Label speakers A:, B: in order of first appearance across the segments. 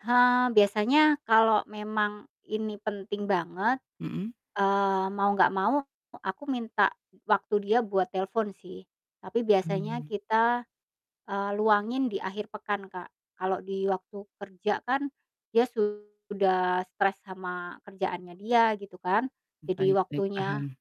A: Ha, biasanya kalo memang ini penting banget,
B: Mhm.
A: eee, mau enggak mau e aku minta waktu dia buat telepon sih. Tapi biasanya
B: Hmm.
A: kita, eee, luangin di akhir pekan Kak, kalo di waktu kerja kan dia sudah stres sama kerjaannya dia gitu kan, jadi
B: Baik baik,
A: waktunya
B: paham.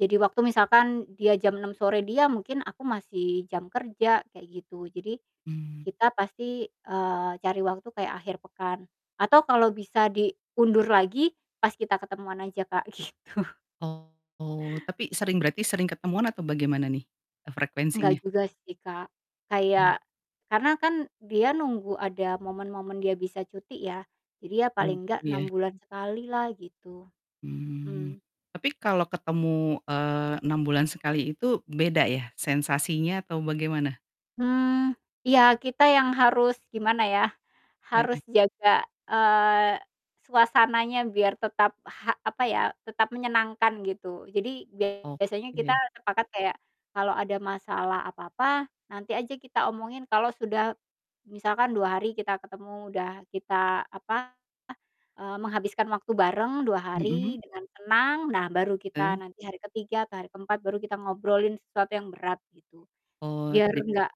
A: jadi waktu misalkan dia jam 6.00 sore dia, mungkin aku masih jam kerja, kayak gitu. Jadi
B: Hmm.
A: kita pasti, eee, cari waktu kayak akhir pekan. Atau kalau bisa diundur lagi, pas kita ketemuan aja Kak, gitu.
B: Oh, tapi sering berarti sering ketemuan atau bagaimana nih, eee,
A: Enggak
B: frekuensinya?
A: juga sih Kak,
B: Hmm.
A: kayak karena kan dia nunggu ada momen-momen dia bisa cuti ya, jadi ya
B: Hmm,
A: paling nggak
B: iya.
A: 6 bulan sekali lah gitu.
B: Hmm.
A: Mhm.
B: Tapi kalau ketemu, eee, 6 bulan sekali itu beda ya, sensasinya atau bagaimana?
A: Hmm, iya, kita yang harus, gimana ya, harus
B: Heeh.
A: jaga, eee, suasananya biar tetap ha apa ya, tetap menyenangkan gitu. Jadi biasanya kita
B: Oke.
A: sepakat kayak, kalo ada masalah apa-apa nanti aja kita omongin kalo sudah misalkan 2 hari kita ketemu, udah kita, apa, eee, menghabiskan waktu bareng 2
B: Mhm.
A: hari dengan tenang, nah baru kita
B: Hmm.
A: nanti hari ke-3 atau hari ke-4 baru kita ngobrolin sesuatu yang berat gitu.
B: Oh,
A: Biar
B: trip
A: enggak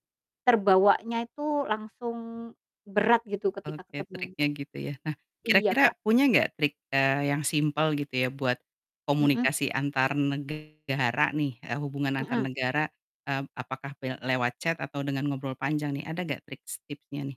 A: terbawanya itu langsung berat gitu ketika
B: Oke,
A: ketemu.
B: triknya gitu ya. Nah,
A: Iya
B: kira-kira
A: Kak.
B: punya enggak trik, eee, yang simpel gitu ya, buat
A: Mhm.
B: komunikasi antar negara nih ya, hubungan antar
A: Mhm.
B: negara. Hmm, apakah pen lewat chat atau dengan ngobrol panjang nih? Ada gak triks tipsnya nih?